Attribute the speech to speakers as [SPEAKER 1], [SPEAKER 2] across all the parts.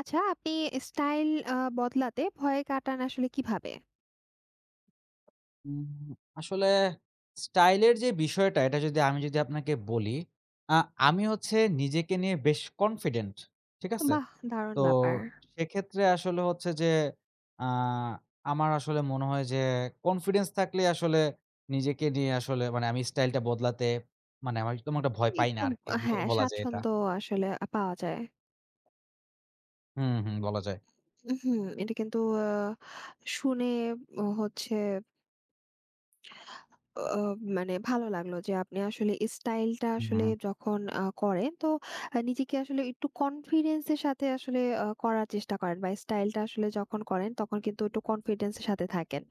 [SPEAKER 1] আচ্ছা, আপনি স্টাইল আ বদলাতে ভয় কাটান আসলে কীভাবে?
[SPEAKER 2] হুম, আসলে স্টাইলের যে বিষয়টা, এটা যদি আমি যদি আপনাকে বলি, আ আমি হচ্ছে নিজেকে নিয়ে বেশ কনফিডেন্ট। ঠিক আছে?
[SPEAKER 1] বাহ! দারুণ
[SPEAKER 2] তো
[SPEAKER 1] ব্যাপার।
[SPEAKER 2] সেক্ষেত্রে আসলে হচ্ছে যে আ আমার আসলে মনে হয় যে কনফিডেন্স থাকলেই আসলে নিজেকে নিয়ে আসলে মানে আমি স্টাইলটা বদলাতে মানে আমি তেমন একটা ভয় পাই না
[SPEAKER 1] একটু
[SPEAKER 2] আরকি, ব
[SPEAKER 1] হ্যাঁ,
[SPEAKER 2] বলা যায় এটা।
[SPEAKER 1] স্বাচ্ছন্দ্য আসলে আ পাওয়া যায়।
[SPEAKER 2] হু, হু। বলা যায়।
[SPEAKER 1] উ হুম, এটা কিন্তু আ শুনে ব হচ্ছে অ মানে ভালো লাগলো যে আপনি আসলে স্টাইলটা
[SPEAKER 2] হু,
[SPEAKER 1] আসলে
[SPEAKER 2] হুম।
[SPEAKER 1] যখন আ করেন, তো আ নিজেকে আসলে একটু কনফিডেন্সের সাথে আসলে আ করার চেষ্টা করেন বা স্টাইলটা আসলে যখন করেন, তখন কিন্তু একটু কনফিডেন্সের সাথে থাকেন।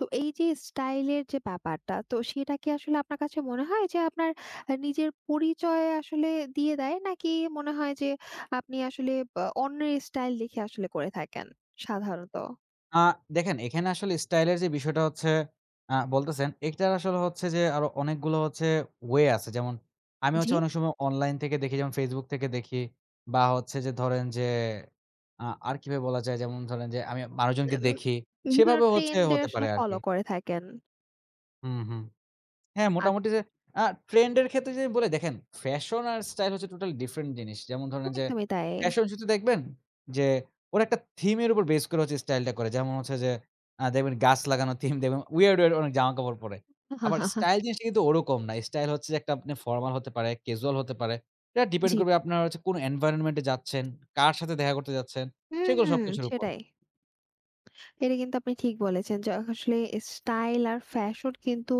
[SPEAKER 1] তো এইযে স্টাইলের যে ব্যাপারটা, তো সেটা কি আসলে আপনার কাছে মনে হয় যে আপনার আ নিজের পরিচয় আসলে দিয়ে দেয়? নাকি মনে হয় যে আপনি আসলে বা অন্যের স্টাইল দেখে আসলে করে থাকেন সাধারণত?
[SPEAKER 2] আ দেখেন এখানে আসলে স্টাইল এর যে বিষয়টা হচ্ছে আ বলতেছেন এটার আসলে হচ্ছে যে আরো অনেকগুলো হচ্ছে ওয়ে আছে। যেমন আমি হচ্ছে
[SPEAKER 1] জি।
[SPEAKER 2] অনেক সময় অনলাইন থেকে দেখি, যেমন Facebook থেকে দেখি। বা হচ্ছে যে ধরেন যে, আ আর কিভাবে বলা যায় যেমন ধরেন যে আমি মানুষজনকে দেখি,
[SPEAKER 1] বিভিন্ন
[SPEAKER 2] সেভাবে হচ্ছে
[SPEAKER 1] ট্রেন্ড এ
[SPEAKER 2] হতে
[SPEAKER 1] আসলে
[SPEAKER 2] পারে আরকি।
[SPEAKER 1] ফলো করে থাকেন।
[SPEAKER 2] হুম, হুম। হ্যাঁ,
[SPEAKER 1] আত
[SPEAKER 2] মোটামুটি যে আ ট্রেন্ড এর ক্ষেত্রে যদি বলি, দেখেন ফ্যাশন আর স্টাইল হচ্ছে টোটালি ডিফারেন্ট জিনিস। যেমন ধরেন যে
[SPEAKER 1] একদমই তাই।
[SPEAKER 2] ফ্যাশন শো তে দেখবেন যে, ওরা একটা থিম এর উপর বেস করে হচ্ছে স্টাইলটা করে। যেমন হচ্ছে যে, আ দেখবেন গাছ লাগানো থিম দেখবেন weird weird অনেক জামাকাপড় পরে। আবার স্টাইল জিনিসটা কিন্তু ওরকম না। স্টাইল হচ্ছে যে একটা আপনি ফরমাল হতে পারে, ক্যাজুয়াল হতে পারে। এটা ডিপেন্ড
[SPEAKER 1] জি।
[SPEAKER 2] করবে আপনারা কোন এনভায়রনমেন্ট এ যাচ্ছেন, কার সাথে দেখা করতে যাচ্ছেন সেগুলো
[SPEAKER 1] হুম,
[SPEAKER 2] সবকিছুর উপর।
[SPEAKER 1] সেটাই। এটা কিন্তু আপনি ঠিক বলেছেন য আসলে স্টাইল আর ফ্যাশন কিন্তু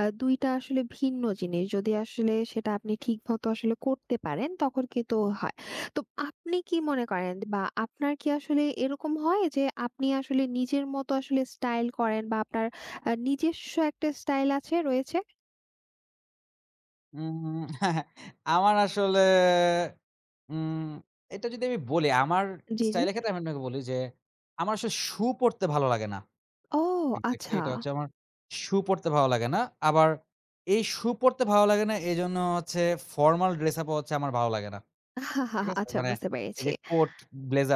[SPEAKER 1] আ ২ টা আসলে ভিন্ন জিনিস। যদি আসলে সেটা আপনি ঠিক মত আসলে করতে পারেন তখন কিন্তু তো হয়। তো আপনি কি মনে করেন বা আপনার কি আসলে এরকম হয়? যে আপনি আসলে নিজের মতো আসলে স্টাইল করেন বা আপনার আ নিজস্ব একটা স্টাইল আছে রয়েছে?
[SPEAKER 2] উম আমার আসলে উম এটা যদি আমি বলি, আমার
[SPEAKER 1] জ্বী, জ্বী।
[SPEAKER 2] স্টাইল এর ক্ষেত্রে আমি আপনাকে বলি যে, আমার আসলে শু পরতে ভালো লাগে না।
[SPEAKER 1] ও,
[SPEAKER 2] এক্সাক্টলি এটা
[SPEAKER 1] আচ্ছা!
[SPEAKER 2] হচ্ছে আমার শু পরতে ভালো লাগে না। আবার এই শু পরতে ভালো লাগে না, এজন্য হচ্ছে ফরমাল ড্রেসআপও হচ্ছে, আমার ভালো লাগে না। ঠিক আছে?
[SPEAKER 1] আচ্ছা,
[SPEAKER 2] মানে
[SPEAKER 1] বুঝতে
[SPEAKER 2] এই
[SPEAKER 1] পেরেছি।
[SPEAKER 2] যে কোট,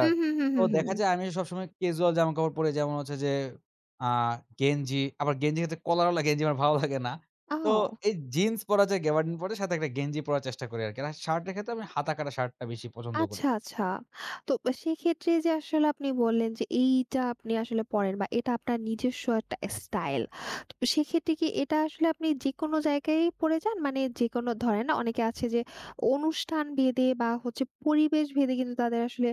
[SPEAKER 1] হু, হু, হু,
[SPEAKER 2] তো
[SPEAKER 1] হু,
[SPEAKER 2] দেখা
[SPEAKER 1] হু।
[SPEAKER 2] যায়, আমি সবসময় casual জামাকাপড় পরি, যেমন হচ্ছে যে আ গেঞ্জি। আবার গেঞ্জির হচ্ছে কলার ওয়ালা গেঞ্জি আমার ভালো লাগে না। তো
[SPEAKER 1] অও!
[SPEAKER 2] এই জিন্স পরা যায়, গ্যাবার্ডিন পরে সাথে একটা গেঞ্জি পড়ার চেষ্টা করি, আরকি। আর শার্টের ক্ষেত্রে আমি হাতাকাটা শার্টটা বেশি পছন্দ করি।
[SPEAKER 1] আচ্ছা, আচ্ছা। তো, সেক্ষেত্রে যে আসলে আপনি বললেন যে, এইটা আপনি আসলে পড়েন, বা এটা আপনার নিজস্ব একটা স্টাইল। তো, সেক্ষেত্রে কি এটা আসলে আপনি যেকোনো জায়গায়ই পড়ে যান? মানে যেকোনো ধরেন অনেকে আছে যে অনুষ্ঠান ভেদে, বা হচ্ছে পরিবেশ ভেদে, কিন্তু তাদের আসলে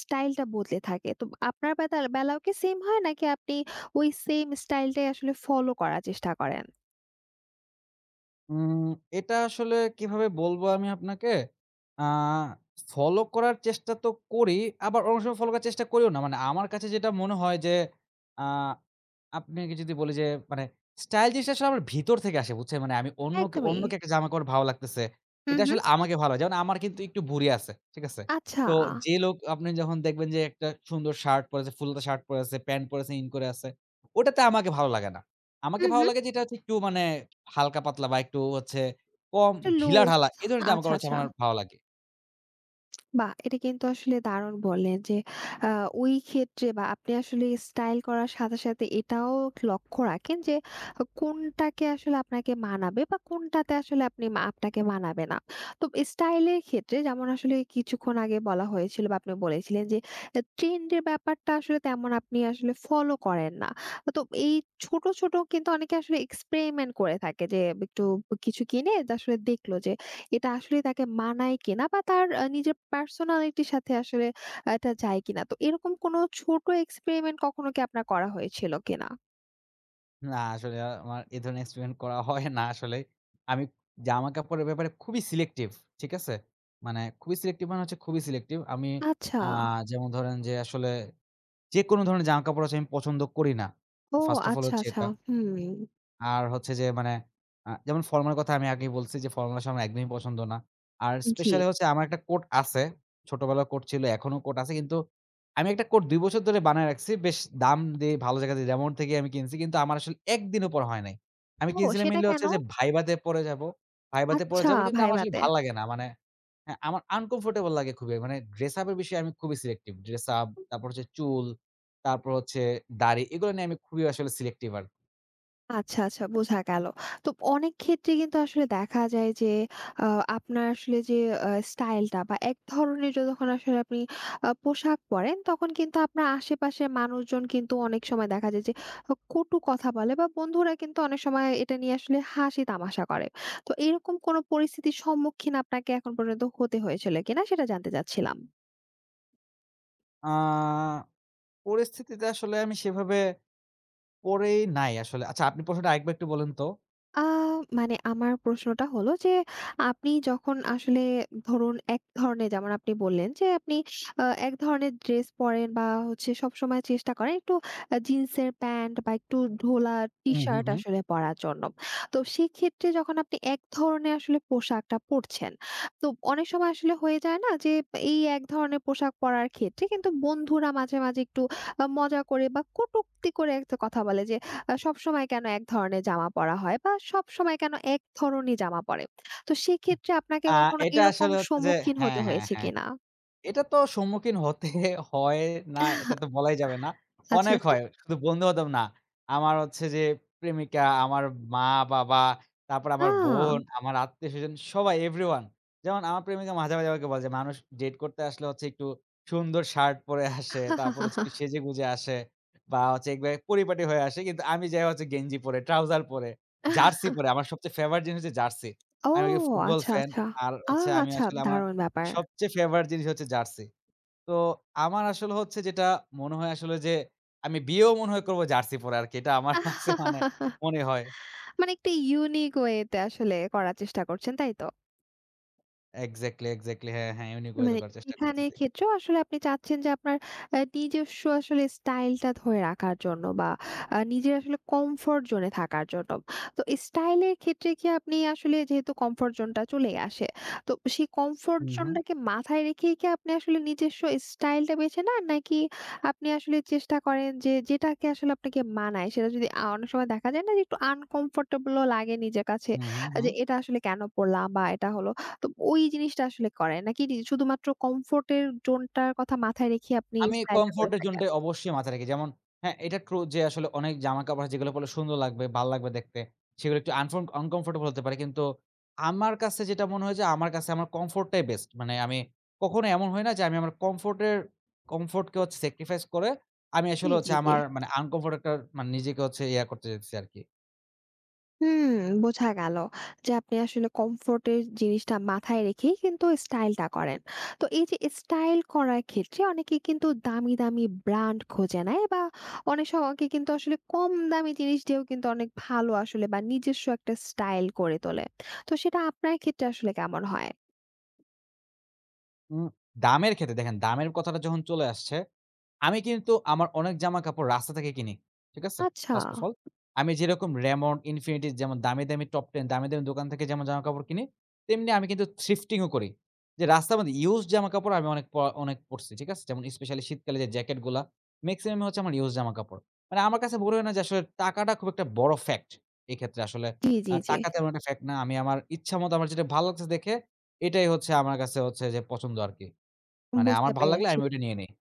[SPEAKER 1] স্টাইল টা বদলে থাকে তো আপনার বেদাল বেলাও কি সেইম হয়, নাকি আপনি ওই সেইম স্টাইল টাই আসলে ফলো করার চেষ্টা করেন?
[SPEAKER 2] উম এটা আসলে কিভাবে বলব আমি আপনাকে, আ ফলো করার চেষ্টা তো করি। আবার অনেক সময় ফলো করার চেষ্টা করিও না। মানে আমার কাছে যেটা মনে হয় যে, আ আপনাকে যদি বলি যে মানে স্টাইল জিনিসটা আসলে আমার ভিতর থেকে আসে বুঝছেন? মানে, আমি অন্য
[SPEAKER 1] একদমই।
[SPEAKER 2] অন্যকে একটা জামা কাপড়ে ভালো লাগতেছে।
[SPEAKER 1] হু,
[SPEAKER 2] এটা
[SPEAKER 1] হু।
[SPEAKER 2] আসলে আমাকে ভালো যেমন আমার কিন্তু একটু ভুঁড়ি আছে। ঠিক আছে?
[SPEAKER 1] আচ্ছা।
[SPEAKER 2] তো যে লোক আপনি যখন দেখবেন যে, একটা সুন্দর শার্ট পরে আছে, ফুলহাতা শার্ট পরে আছে, প্যান্ট পরে আছে, ইন করে আছে ওটাতে আমাকে ভালো লাগে না।
[SPEAKER 1] হু,
[SPEAKER 2] আমাকে ভালো
[SPEAKER 1] হু।
[SPEAKER 2] লাগে যে, এটা হচ্ছে একটু মানে হালকা-পাতলা বা একটু হচ্ছে কম
[SPEAKER 1] একটু লুজ।
[SPEAKER 2] ঢিলাঢালা, এ ধরনের
[SPEAKER 1] আচ্ছা,
[SPEAKER 2] জামা-কাপড় হচ্ছে,
[SPEAKER 1] আচ্ছা।
[SPEAKER 2] আমার ভালো লাগে।
[SPEAKER 1] বা! এটা কিন্তু আসলে দারুণ বললেন যে আ ওই ক্ষেত্রে বা আপনি আসলে স্টাইল করার সাথে সাথে এটাও লক্ষ্য রাখেন যে অ কোনটাকে আসলে আপনাকে মানাবে বা কোনটাতে আসলে আপনি মা আপনাকে মানাবে না। তো স্টাইল এর ক্ষেত্রে যেমন আসলে কিছুক্ষণ আগে বলা হয়েছিল বা আপনি বলেছিলেন যে এ ট্রেন্ডের ব্যাপারটা আসলে তেমন আপনি আসলে ফলো করেন না। আ তো এই ছোট, ছোট কিন্তু অনেকে আসলে এক্সপেরিমেন্ট করে থাকে যে বে একটু কিছু কিনে এটা আসলে দেখলো যে এটা আসলেই তাকে মানায় কিনা বা তার আ নিজের পার্সোনালিটির সাথে আসলে আ এটা যায় কিনা? তো এরকম কোনো ছোট এক্সপেরিমেন্ট কখনো কি আপনার করা হয়েছিল কিনা?
[SPEAKER 2] না আসলে আমার এ ধরনের এক্সপেরিমেন্ট করা হয় না আসলে। আমি জামা কাপড়ের ব্যাপারে খুবই সিলেক্টিভ। ঠিক আছে? মানে খুবই সিলেক্টিভ মানে হচ্ছে খুবই সিলেক্টিভ। আমি
[SPEAKER 1] আচ্ছা।
[SPEAKER 2] আ যেমন ধরেন যে আসলে যেকোনো ধরনের জামাকাপড় আসলে আমি পছন্দ করি না,
[SPEAKER 1] ও
[SPEAKER 2] first of all
[SPEAKER 1] আচ্ছা,
[SPEAKER 2] হচ্ছে
[SPEAKER 1] আচ্ছা,
[SPEAKER 2] এটা।
[SPEAKER 1] হুম।
[SPEAKER 2] আর হচ্ছে যে মানে আ যেমন ফর্মাল কথা আমি আগেই বলছি যে ফর্মাল আসলে আমার একদমই পছন্দ না। আর
[SPEAKER 1] ম জি।
[SPEAKER 2] স্পেশালি হচ্ছে আমার একটা কোট আছে। ছোটবেলায় কোট ছিল, এখনো কোট আছে। কিন্তু আমি একটা কোট ২ বছর ধরে বানায় রাখছি। বেশ দাম দিয়ে ভালো জায়গা যে Raymond থেকে আমি কিনছি কিন্তু আমার আসলে একদিনও পড়া হয় নাই। আমি
[SPEAKER 1] ও
[SPEAKER 2] কিনছিলাম
[SPEAKER 1] সেটা
[SPEAKER 2] মেইনলি হচ্ছে
[SPEAKER 1] কেনো?
[SPEAKER 2] যে ভাইভা তে পড়ে যাবো ভাইভা তে পড়ে
[SPEAKER 1] আচ্ছা
[SPEAKER 2] যাবো, কিন্তু আমার
[SPEAKER 1] ভাইভা
[SPEAKER 2] আসলে
[SPEAKER 1] তে।
[SPEAKER 2] ভাল লাগে না মানে হ্যাঁ, আমার আনকমফর্টেবল লাগে খুবই। মানে ড্রেস আপের বিষয়ে আমি খুবই সিলেক্টিভ। ড্রেসআপ তারপর হচ্ছে চুল, তারপর হচ্ছে দাঁড়ি এগুলো নিয়ে আমি খুবই আসলে সিলেক্টিভ আরকি।
[SPEAKER 1] আচ্ছা, আচ্ছা, বোঝা গেল। তো অনেক ক্ষেত্রেই কিন্তু আসলে দেখা যায় যে আ আপনার আসলে যে এ স্টাইলটা বা এক ধরনের যতক্ষণ আসলে আপনি আ পোশাক পরেন তখন কিন্তু আপনার আশেপাশের মানুষজন কিন্তু অনেক সময় দেখা যায় যে, হক কটু কথা বলে বা বন্ধুরা কিন্তু অনেক সময় এটা নিয়ে আসলে হাসি-তামাশা করে। তো এরকম কোনো পরিস্থিতির সম্মুখীন আপনাকে এখন পর্যন্ত হতে হয়েছিল কিনা সেটা জানতে চাচ্ছিলাম?
[SPEAKER 2] আ পরিস্থিতিতে আসলে আমি সেভাবে পরেই নাই আসলে। আচ্ছা, আপনি প্রশ্নটা আরেকবার একটু বলেন তো?
[SPEAKER 1] আ মানে আমার প্রশ্নটা হলো যে, আপনি যখন আসলে ধরুন এক ধরণের যেমন আপনি বললেন যে আপনি আ এক ধরনের ড্রেস পরেন বা হচ্ছে সবসময় চেষ্টা করেন একটু আ জিন্সের প্যান্ট বা একটু ঢোলা
[SPEAKER 2] উ হু,
[SPEAKER 1] টি-শার্ট
[SPEAKER 2] হু।
[SPEAKER 1] আসলে পরার জন্য। তো সেক্ষেত্রে যখন আপনি এক ধরণের আসলে পোশাকটা পড়ছেন, তো অনেক সময় আসলে হয়ে যায় না যে, এই এক ধরনের পোশাক পরার ক্ষেত্রে কিন্তু বন্ধুরা মাঝে, মাঝে একটু আ মজা করে বা কটুক্তি করে একটা কথা বলে যে, "আ সবসময় কেনো এক ধরণের জামা পরা হয় বা সবসময় কেনো এক ধরনেই জামা পরে।" তো
[SPEAKER 2] উহ
[SPEAKER 1] সেক্ষেত্রে আপনাকে
[SPEAKER 2] আ
[SPEAKER 1] কখনো
[SPEAKER 2] এটা
[SPEAKER 1] এরকম
[SPEAKER 2] আসলে হচ্ছে যে
[SPEAKER 1] সম্মুখীন হতে
[SPEAKER 2] হ্যাঁ, হ্যাঁ,
[SPEAKER 1] হয়েছে
[SPEAKER 2] হ্যাঁ।
[SPEAKER 1] কিনা?
[SPEAKER 2] এটাতো সম্মুখীন হতে হয় না, এটাতো বলাই যাবে না।
[SPEAKER 1] আচ্ছা,
[SPEAKER 2] অনেক
[SPEAKER 1] আচ্ছা।
[SPEAKER 2] হয়। শুধু বন্ধু-বান্ধব না। আমার হচ্ছে যে, প্রেমিকা, আমার মা-বাবা, তারপর আমার বোন,
[SPEAKER 1] আ!
[SPEAKER 2] আমার আত্মীয়স্বজন সবাই এভরিওয়ান। যেমন আমার প্রেমিকা মাঝে, মাঝে আমাকে বলে যে মানুষ ডেট করতে আসলে হচ্ছে একটু, সুন্দর শার্ট পরে আসে তারপর হচ্ছে যে সেজে-গুজে আসে। বা চেকবে পরিপাটি হয়ে আসে, কিন্তু আমি যাই হচ্ছে গেঞ্জি পরে, ট্রাউজার পরে, জার্সি পরে। আমার সবচেয়ে ফেভারিট জিনিস হচ্ছে জার্সি।
[SPEAKER 1] ও!
[SPEAKER 2] আমি যে ফুটবল
[SPEAKER 1] আচ্ছা,
[SPEAKER 2] ফ্যান,
[SPEAKER 1] আচ্ছা।
[SPEAKER 2] আর
[SPEAKER 1] আ
[SPEAKER 2] হচ্ছে আমি
[SPEAKER 1] আচ্ছা,
[SPEAKER 2] আসলে আমার
[SPEAKER 1] দারুণ ব্যাপার!
[SPEAKER 2] সবচেয়ে ফেভারিট জিনিস হচ্ছে জার্সি। তো আমার আসলে হচ্ছে যেটা মনে হয় আসলে যে, আমি বিয়েও মনে হয় করব জার্সি পরে আরকি! এটা আমার কাছে মানে, মনে হয়।
[SPEAKER 1] মানে একটা ইউনিক ওয়েতে আসলে করার চেষ্টা করছেন, তাই তো?
[SPEAKER 2] এক্সাক্টলি, এক্সাক্টলি হ্যাঁ, হ্যাঁ। এমনি করে
[SPEAKER 1] মানে
[SPEAKER 2] করার চেষ্টা
[SPEAKER 1] এখানের
[SPEAKER 2] করতেছি।
[SPEAKER 1] ক্ষেত্রেও আসলে আপনি চাচ্ছেন যে আপনার অ্যা নিজস্ব আসলে স্টাইলটা ধরে রাখার জন্য বা আ নিজের আসলে কমফোর্ট জোন এ থাকার জন্য। তো স্টাইল এর ক্ষেত্রে কি আপনি আসলে যেহেতু কমফোর্ট জোনটা চলেই আসে। তো সেই কমফোর্ট
[SPEAKER 2] হুম, হুম।
[SPEAKER 1] জোনটাকে মাথায় রেখেই কি আপনি আসলে নিজস্ব স্টাইলটা বেছে নেন? নাকি আপনি আসলে চেষ্টা করেন যে যেটাকে আসলে আপনাকে মানায় সেটা যদি আ অনেক সময় দেখা যায় না? যে একটু আনকম্ফোর্টেবল ও লাগে নিজের কাছে
[SPEAKER 2] উম হুম,
[SPEAKER 1] যে
[SPEAKER 2] হুম।
[SPEAKER 1] এটা আসলে কেনো পড়লাম? বা এটা হলো তো ওই জিনিসটা আসলে করেন? নাকি নি শুধুমাত্র কমফোর্ট এর জোনটার কথা মাথায় রেখে আপনি
[SPEAKER 2] আমি
[SPEAKER 1] স্টাইলটা করে
[SPEAKER 2] কমফোর্ট এর
[SPEAKER 1] থাকেন?
[SPEAKER 2] জোনটাই অবশ্যই মাথায় রাখি। যেমন হ্যাঁ, এটা ট্রু যে আসলে অনেক জামা কাপড় যেগুলা পড়লে সুন্দর লাগবে, ভালো লাগবে দেখতে। সেগুলা একটু আংফং আনকম্ফোর্টেবল হতে পারে। কিন্তু আমার কাছে যেটা মনে হয় যে আমার কাছে আমার কমফোর্ট টাই বেস্ট। মানে আমি কখনো এমন হয় না? যে আমি আমার কমফোর্ট এর কমফোর্ট কে হচ্ছে সেক্রিফাইস করে, আমি
[SPEAKER 1] জ্বি,
[SPEAKER 2] আসলে হচ্ছে
[SPEAKER 1] জ্বি, জ্বি।
[SPEAKER 2] আমার মানে আনকমফোর্ট একটা মানে, নিজেকে হচ্ছে ইয়া করতে চাইতেছি আরকি।
[SPEAKER 1] হুম, বোঝা গেল যে আপনি আসলে কমফোর্টের জিনিসটা মাথায় রেখেই কিন্তু স্টাইলটা করেন। তো এই যে স্টাইল করার ক্ষেত্রে অনেকে কিন্তু দামি, দামি ব্র্যান্ড খোঁজে নেয় বা অনেক স কে কিন্তু আসলে কম দামি জিনিস দিয়েও কিন্তু অনেক ভালো আসলে বা নিজস্ব একটা স্টাইল করে তোলে তো সেটা আপনার ক্ষেত্রে আসলে কেমন হয়?
[SPEAKER 2] উম দামের ক্ষেত্রে দেখেন, দামের কথাটা যখন চলে আসছে, আমি কিন্তু আমার অনেক জামাকাপড় রাস্তা থেকে কিনি। ঠিক আছে?
[SPEAKER 1] আচ্ছা।
[SPEAKER 2] ফার্স্ট অফ অল আমি যেরকম Raymond, Infinity, যেমন দামি, দামি, Top Ten দামি, দামি, দোকান থেকে যেমন জামাকাপড় কিনি। তেমনি আমি কিন্তু থ্রিফটিং ও করি। যে রাস্তার মধ্যে ইউজ জামাকাপড় আমি অনেক পরা অনেক পড়ছি। ঠিক আছে? যেমন স্পেশালি শীতকালে যে জ্যাকেট গুলা মেক্সিমাম ই হচ্ছে আমার ইউজ জামাকাপড়। মানে আমার কাছে মনে হয় না যে আসলে টাকাটা খুব একটা বড় ফ্যাক্ট, এক্ষেত্রে আসলে।
[SPEAKER 1] জ্বী,
[SPEAKER 2] আ
[SPEAKER 1] জ্বী, জ্বী।
[SPEAKER 2] টাকা তেমন একটা ফ্যাক্ট না। আমি আমার ইচ্ছামত আমার যেটা ভালো লাগছে দেখে, এটাই হচ্ছে আমার কাছে হচ্ছে যে পছন্দ আরকি। মানে
[SPEAKER 1] বুঝতে
[SPEAKER 2] আমার ভাল লাগলে
[SPEAKER 1] পেরেছি।
[SPEAKER 2] আমি ওটা নিয়ে নেই।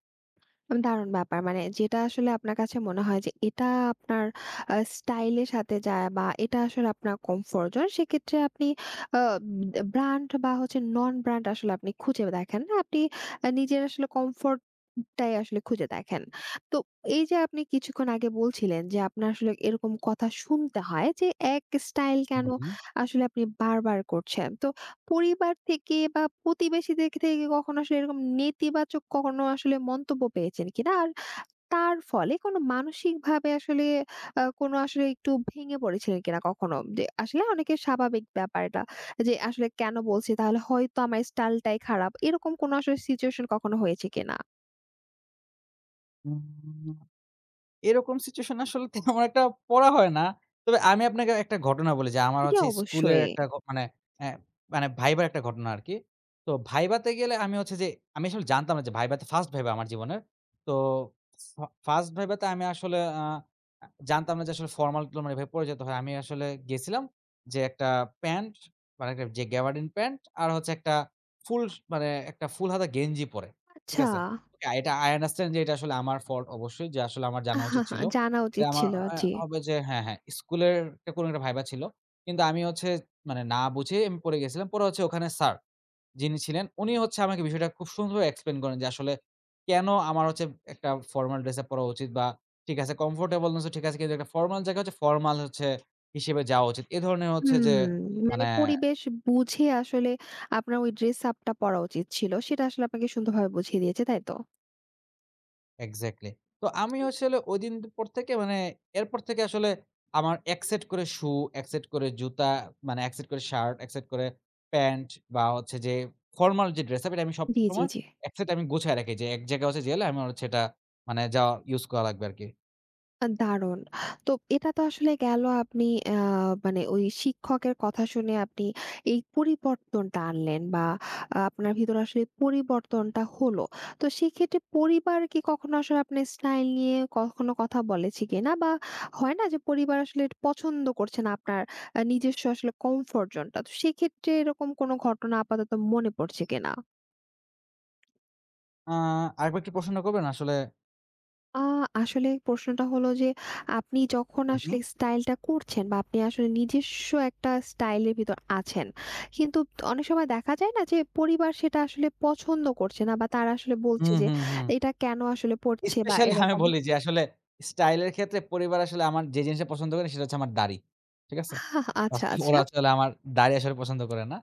[SPEAKER 1] অ দারুণ ব্যাপার! মানে যেটা আসলে আপনার কাছে মনে হয়, যে এটা আপনার আ স্টাইল এর সাথে যায়। বা এটা আসলে আপনার কমফোর্ট জোন সেক্ষেত্রে আপনি আব বে ব্র্যান্ড, বা হচ্ছে নন-ব্র্যান্ড আসলে আপনি খুঁজে দেখেন না। আপনি আ নিজের আসলে কমফোর্ট টাই আসলে খুঁজে দেখেন। তো এই যে আপনি কিছুক্ষণ আগে বলছিলেন, যে আপনার আসলে এরকম কথা শুনতে হয় যে, এক স্টাইল
[SPEAKER 2] হু,
[SPEAKER 1] কেনো
[SPEAKER 2] হু।
[SPEAKER 1] আসলে আপনি বারবার, করছেন। তো পরিবার থেকে, বা প্রতিবেশীদের কে থেকে কখনো আসলে এরকম নেতিবাচক কখনো আসলে মন্তব্য পেয়েছেন কিনা? আর তার ফলে কোনো মানসিকভাবে আসলে আ কোন আসলে একটু ভেঙে পড়েছিলেন কিনা কখনো? যে আসলে অনেকের স্বাভাবিক ব্যাপার এটা। যে আসলে কেনো বলছি, তাহলে হয়তো আমার স্টাইলটাই খারাপ। এরকম কোনো আসলে সিচুয়েশন কখনো হয়েছে কিনা?
[SPEAKER 2] উম এরকম সিচুয়েশনে আসলে তেমন একটা পড়া হয় না। তবে আমি আপনাকে একটা ঘটনা বলি যে আমার
[SPEAKER 1] জি,
[SPEAKER 2] হচ্ছে স্কুলের
[SPEAKER 1] অবশ্যই।
[SPEAKER 2] একটা ঘ মানে, এ মানে ভাইবার একটা ঘটনা আরকি। তো ভাইভাতে গেলে আমি হচ্ছে যে আমি আসলে জানতাম না যে ভাইবা তে 1st ভাইবা আমার জীবনের। তো ফা ফার্স্ট ভাইভাতে আমি আসলে আ আ জানতাম না যে আসলে ফরমাল-টরমাল এভাবে পরে যেতে হয়। আমি আসলে গেছিলাম যে একটা প্যান্ট, মানে একটা ঐযে গ্যাবাডিন প্যান্ট, আর হচ্ছে একটা ফুল স মানে একটা ফুল হাতা গেঞ্জি পরে, ঠিক
[SPEAKER 1] আচ্ছা।
[SPEAKER 2] আছে? ওকে, এটা আই আন্ডারস্ট্যান্ড যে এটা আসলে আমার ফল্ট অবশ্যই। যে আসলে আমার জানা উচিত ছিল।
[SPEAKER 1] জানা
[SPEAKER 2] এটা
[SPEAKER 1] উচিত
[SPEAKER 2] আমার
[SPEAKER 1] ছিল।
[SPEAKER 2] অ্যা
[SPEAKER 1] জি।
[SPEAKER 2] হবে যে হ্যাঁ, হ্যাঁ, স্কুলের একটা কোনো একটা ভাইবা ছিল। কিন্তু আমি হচ্ছে মানে না বুঝেই আমি পড়ে গেছিলাম। পরে হচ্ছে ওখানে স্যার, যিনি ছিলেন উনি হচ্ছে আমাকে বিষয়টা খুব সুন্দরভাবে এক্সপ্লেইন করেন যে আসলে কেন আমার হচ্ছে একটা ফর্মাল ড্রেস আপ পড়া উচিত বা ঠিক আছে কমফোর্টেবলনেসও ঠিক আছে। কিন্তু একটা ফর্মাল জায়গা হচ্ছে ফরমাল হচ্ছে হিসেবে যাওয়া উচিত। এ ধরনের
[SPEAKER 1] হু।
[SPEAKER 2] হচ্ছে যে
[SPEAKER 1] মানে
[SPEAKER 2] মানে
[SPEAKER 1] পরিবেশ বুঝে আসলে আপনার ওই ড্রেস আপ টা পরা উচিত ছিল, সেটা আসলে আপনাকে সুন্দরভাবে বুঝিয়ে দিয়েছে, তাই তো?
[SPEAKER 2] এক্সাক্টলি। তো আমি আসলে ঐদিন পর থেকে মানে এরপর থেকে আসলে আমার ১ সেট করে সু, ১ সেট করে জুতা, মানে ১ সেট করে শার্ট, ১ সেট করে প্যান্ট বা হচ্ছে যে ফরমাল যে ড্রেসআপ এটা আমি
[SPEAKER 1] জ্বি, জ্বি,
[SPEAKER 2] সবসময়
[SPEAKER 1] জ্বি।
[SPEAKER 2] ১ সেট আমি গুছায় রাখি যে এক জায়গায় হচ্ছে গেলে আমার হচ্ছে এটা মানে যাউয়া ইউস করা লাগবে আরকি।
[SPEAKER 1] আ দারুণ। তো এটা তো আসলে গেল, আপনি আ মানে ওই শিক্ষকের কথা শুনে, আপনি এই পরিবর্তনটা আনলেন, বা আপনার ভিতরে আসলে পরিবর্তনটা হল। তো সেক্ষেত্রে পরিবার কি কখনো আসলে আপনি স্টাইল নিয়ে, কখনো কথা বলেছে কিনা? বা হয় না? যে, পরিবার আসলে পছন্দ করছে না, আপনার আ নিজস্ব আসলে কমফোর্ট জোন টা। তো সেক্ষেত্রে এরকম কোনো ঘটনা আপাতত মনে পড়ছে কিনা?
[SPEAKER 2] আ আরেকবার একটু প্রশ্নটা করবেন আসলে?
[SPEAKER 1] আ আসলে প্রশ্নটা হল, যে আপনি যখন
[SPEAKER 2] উ
[SPEAKER 1] আসলে
[SPEAKER 2] হুম।
[SPEAKER 1] স্টাইলটা করছেন, বা আপনি আসলে নিজস্ব একটা স্টাইলের ভিতর আছেন, কিন্তু অনেক সময় দেখা যায় না? যে পরিবার সেটা আসলে পছন্দ করছে না, বা তারা আসলে বলছে,
[SPEAKER 2] হুম,
[SPEAKER 1] যে
[SPEAKER 2] হুম, হুম।
[SPEAKER 1] এটা কেনো আসলে পড়ছে, বা
[SPEAKER 2] স্পেশালি আমি
[SPEAKER 1] এরকম?
[SPEAKER 2] বলি, যে আসলে স্টাইল এর ক্ষেত্রে পরিবার আসলে আমার যে জিনিসটা পছন্দ করে, সেটা হচ্ছে আমার দাড়ি। ঠিক আছে?
[SPEAKER 1] আচ্ছা, আচ্ছা।
[SPEAKER 2] ওরা আসলে আমার দাড়ি আসলে পছন্দ করে না।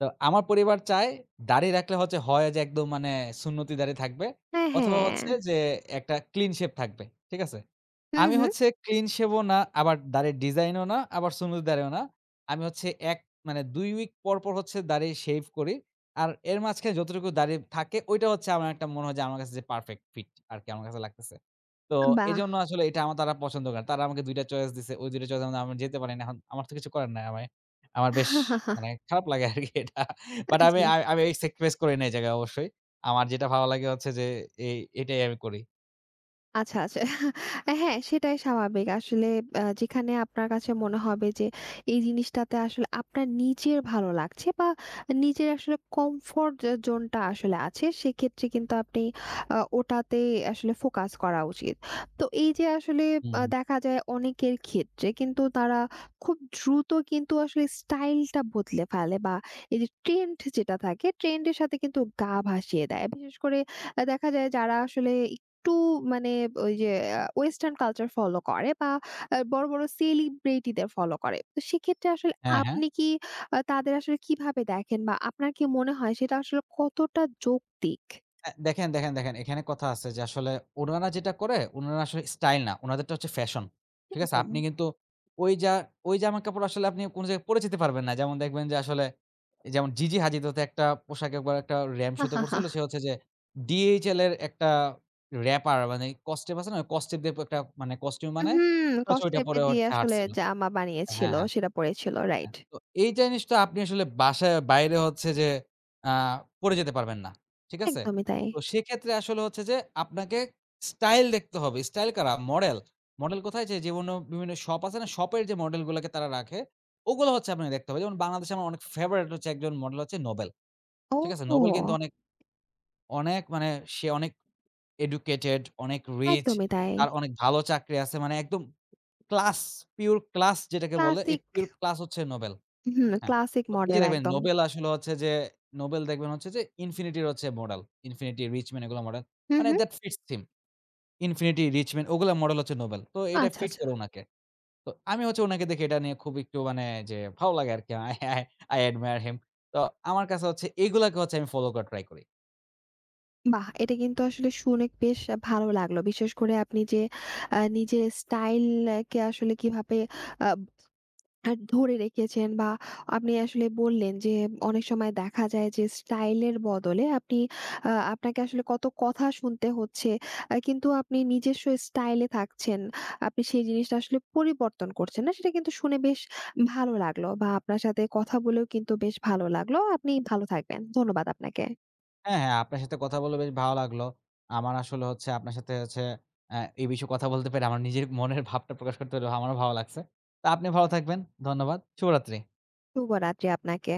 [SPEAKER 2] তো আমার পরিবার চায়, দাড়ি রাখলে হচ্ছে হয় যে, একদম মানে সুন্নতি দাড়ি থাকবে,
[SPEAKER 1] হ্যাঁ,
[SPEAKER 2] অথবা
[SPEAKER 1] হ্যাঁ।
[SPEAKER 2] হচ্ছে যে একটা ক্লিন শেভ থাকবে। ঠিক আছে?
[SPEAKER 1] হু,
[SPEAKER 2] আমি
[SPEAKER 1] হু।
[SPEAKER 2] হচ্ছে ক্লিন শেভও না, আবার দাড়ির ডিজাইনও না, আবার সুন্নতি দাড়িও না। আমি হচ্ছে, ১ মানে ২ উইক পরপর হচ্ছে দাড়ি শেভ করি। আর এর মাঝখানে যতটুকু দাড়ি থাকে, ঐটা হচ্ছে আমার একটা মনে হয়, যে আমার কাছে যে পারফেক্ট ফিট আরকি, আমার কাছে লাগতেছে। তো
[SPEAKER 1] আ বাহ!
[SPEAKER 2] এজন্য আসলে এটা আমার তারা পছন্দ করে। তারা আমাকে ২ টা চয়েস দিছে। ওই ২ টা চয়েস এর মধ্যে আমি যেতে পারি না। এখন আমার তো কিছু করার নাই। অ্যায়ে আমি আমার বেশ মানে খারাপ লাগে আরকি এটা।
[SPEAKER 1] আ
[SPEAKER 2] বাট আমি
[SPEAKER 1] জী।
[SPEAKER 2] আমি এই স্যাক্রিফাইস করি না এই জায়গায় অবশ্যই। আমার যেটা ভালো লাগে হচ্ছে, যে এ এটাই আমি করি।
[SPEAKER 1] আচ্ছা, আচ্ছা, আ হ্যাঁ, সেটাই স্বাভাবিক। আসলে আ যেখানে আপনার কাছে মনে হবে যে, এই জিনিসটাতে আসলে আপনার নিজের ভালো লাগছে বা নিজের আসলে কমফোর্ট এ জোনটা আসলে আছে সেক্ষেত্রে কিন্তু আপনি আ ওটাতে আসলে ফোকাস করা উচিত। তো এই যে আসলে আ
[SPEAKER 2] হুম।
[SPEAKER 1] দেখা যায় অনেকের ক্ষেত্রে কিন্তু তারা খুব দ্রুত কিন্তু আসলে স্টাইলটা বদলে ফেলে। বা এই যে ট্রেন্ড যেটা থাকে ট্রেন্ড এর সাথে কিন্তু গা ভাসিয়ে দেয়। বিশেষ করে আ দেখা যায় যারা আসলে একটু মানে ওই যে, আ ওয়েসটার্ন কালচার ফলো করে বা আ বড়ো, বড়ো সেলিব্রিটি দের ফলো করে। তো সেক্ষেত্রে আসলে
[SPEAKER 2] হ্যাঁ, হ্যাঁ।
[SPEAKER 1] আপনি কি আ তাদের আসলে কীভাবে দেখেন বা আপনার কি মনে হয় সেটা আসলে কতটা যৌক্তিক?
[SPEAKER 2] আ দেখেন, দেখেন, দেখেন। এখানে কথা আছে যে আসলে উনারা যেটা করে, উনারা আসলে স্টাইল না। উনাদেরটা হচ্ছে ফ্যাশন। ঠিক আছে? আপনি
[SPEAKER 1] একদম।
[SPEAKER 2] কিন্তু ওই জা ওই জামা কাপড় আসলে আপনি কোনো জায়গায় পড়ে যেতে পারবেন না। যেমন দেখবেন যে আসলে, যেমন Gigi Hadid হত একটা পোশাকে একবার একটা রাম্প শোতে করছিল। সে হচ্ছে যে DHL এর একটা র‍্যাপার মানে কস্টেপ আছে না? কস্টেপ দিয়ে প একটা মানে কস্টিউম
[SPEAKER 1] উ
[SPEAKER 2] বানায়
[SPEAKER 1] হুম।
[SPEAKER 2] তো হচ্ছে ওটা
[SPEAKER 1] কসটেপ এ
[SPEAKER 2] পড়ে ও
[SPEAKER 1] দিয়ে
[SPEAKER 2] হচ্ছে
[SPEAKER 1] আসলে
[SPEAKER 2] হাঁটছিল
[SPEAKER 1] জামা বানিয়েছিল
[SPEAKER 2] হ্যাঁ, হ্যাঁ।
[SPEAKER 1] সেটা পড়েছিল রাইট।
[SPEAKER 2] হ্যাঁ। তো এই জিনিসটা আপনি আসলে বাসার বাইরে হচ্ছে যে, আ পড়ে যেতে পারবেন না। ঠিক আছে?
[SPEAKER 1] একদমই তাই।
[SPEAKER 2] তো সেক্ষেত্রে আসলে হচ্ছে যে আপনাকে স্টাইল দেখতে হবে। স্টাইল কারা মডেল, মডেল কোথায় যে, যেমন ও বিভিন্ন শপ আছে না? শপের যে মডেল গুলাকে তারা রাখে, ওগুলো হচ্ছে আপনাকে দেখতে হবে। যেমন বাংলাদেশে আমার অনেক ফেভারিট হচ্ছে ১ জন মডেল হচ্ছে নোবেল। ঠিক আছে?
[SPEAKER 1] ও!
[SPEAKER 2] নোবেল কিন্তু অনেক অনেক, মানে সে অনেক এডুকেটেড, অনেক রিচ
[SPEAKER 1] একদমই তাই।
[SPEAKER 2] তার অনেক ভালো চাকরি আছে। মানে একদম ক্লাস পিউর ক্লাস যেটাকে বলে এই
[SPEAKER 1] ক্লাসিক।
[SPEAKER 2] পিউর ক্লাস হচ্ছে নোবেল।
[SPEAKER 1] হুম।
[SPEAKER 2] হ্যাঁ।
[SPEAKER 1] ক্লাসিক
[SPEAKER 2] তো এই যে
[SPEAKER 1] মডেল
[SPEAKER 2] দেখবেন
[SPEAKER 1] একদম।
[SPEAKER 2] নোবেল আসলে হচ্ছে যে, নোবেল দেখবেন হচ্ছে যে Infinity র হচ্ছে মডেল Infinity, RichMan এগুলোর মডেল।
[SPEAKER 1] হু,
[SPEAKER 2] মানে
[SPEAKER 1] হু।
[SPEAKER 2] that fits him Infinity, RichMan ওগুলা মডেল হচ্ছে নোবেল। তো এটা
[SPEAKER 1] আচ্ছা,
[SPEAKER 2] ফিট
[SPEAKER 1] আচ্ছা।
[SPEAKER 2] করে উনাকে। তো আমি হচ্ছে ওনাকে দেখে এটা নিয়ে খুব একটু মানে যে ভালো লাগে আরকি। I I I admire him তো আমার কাছে হচ্ছে এগুলাকে হচ্ছে আমি ফলো করার ট্রাই করি।
[SPEAKER 1] বাহ! এটা কিন্তু আসলে শুনে বেশ ভালো লাগলো। বিশেষ করে আপনি যে আ নিজের স্টাইল একে আসলে কীভাবে আব আ ধরে রেখেছেন বা আপনি আসলে বললেন যে, অনেক সময় দেখা যায় যে স্টাইল এর বদলে আপনি আ আপনাকে আসলে কত কথা শুনতে হচ্ছে। আ কিন্তু আপনি নিজস্ব স্টাইল এ থাকছেন। আপনি সেই জিনিসটা আসলে পরিবর্তন করছেন না সেটা কিন্তু শুনে বেশ ভালো লাগলো। বা আপনার সাথে কথা বলেও কিন্তু বেশ ভালো লাগলো। আপনি ভালো থাকবেন। ধন্যবাদ আপনাকে।
[SPEAKER 2] হ্যাঁ, হ্যাঁ। আপনার সাথে কথা বলে বেশ ভালো লাগলো। আমার আসলে হচ্ছে আপনার সাথে হচ্ছে আ এ বিষয়ে কথা বলতে পেরে আমার নিজের মনের ভাবটা প্রকাশ করতে পেরে আমারও ভালো লাগছে। তো আপনি ভালো থাকবেন। ধন্যবাদ। শুভরাত্রি।
[SPEAKER 1] শুভরাত্রি আপনাকে।